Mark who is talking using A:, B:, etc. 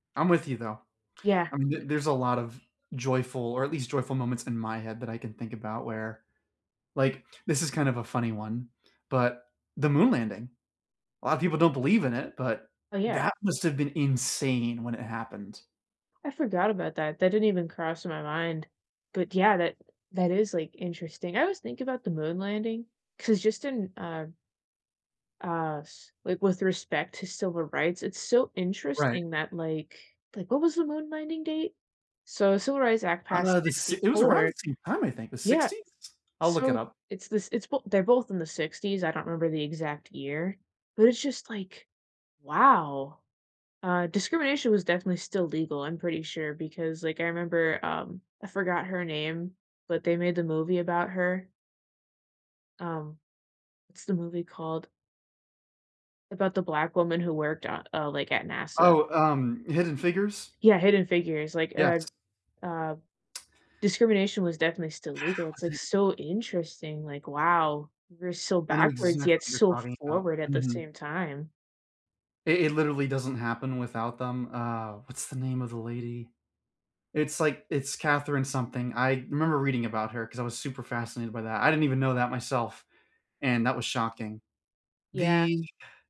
A: I'm with you though,
B: Yeah,
A: I mean th
B: c
A: there's a lot of joyful or at least joyful moments in my head that I can think about where, like, this is kind of a funny one, but the moon landing. A lot of people don't believe in it, but,
B: Oh yeah.
A: that must have been insane when it happened.
B: I forgot about that, that didn't even cross my mind, but yeah, that that is, like, interesting, I always think about the moon landing 'cause just in, uh uh, c like, with respect to civil rights, it's so
A: Right.
B: interesting that, like, like what was the moon landing date? So Civil Rights Act
A: Uh,
B: passed
A: the s it was around
B: '64
A: the same time, I think, the
B: Yeah,
A: 60s? I'll look it
B: so,
A: up.
B: it's this it's well they're both in the '60s, I don't remember the exact year, but it's just like, "Wow," uh, discrimination was definitely still legal, I'm pretty sure, because like I remember, um, I forgot her name, but they made the movie about her. Um, what's the movie called about the black woman who worked, uh, uh, like, at NASA?
A: Oh, um, Hidden Figures?
B: Yeah, Hidden Figures, like,
A: Yes.
B: uh, uh, discrimination was definitely still legal, it's
A: Was
B: like
A: it
B: so interesting, like, "Wow, we were so
A: I know
B: backwards
A: exactly
B: yet
A: what you're
B: so
A: talking about,
B: forward at the
A: mhm.
B: same time."
A: It it literally doesn't happen without them, uh, what's the name of the lady? It's, like, it's Catherine something, I remember reading about her because I was super fascinated by that, I didn't even know that myself and that was shocking.
B: Yeah.
A: The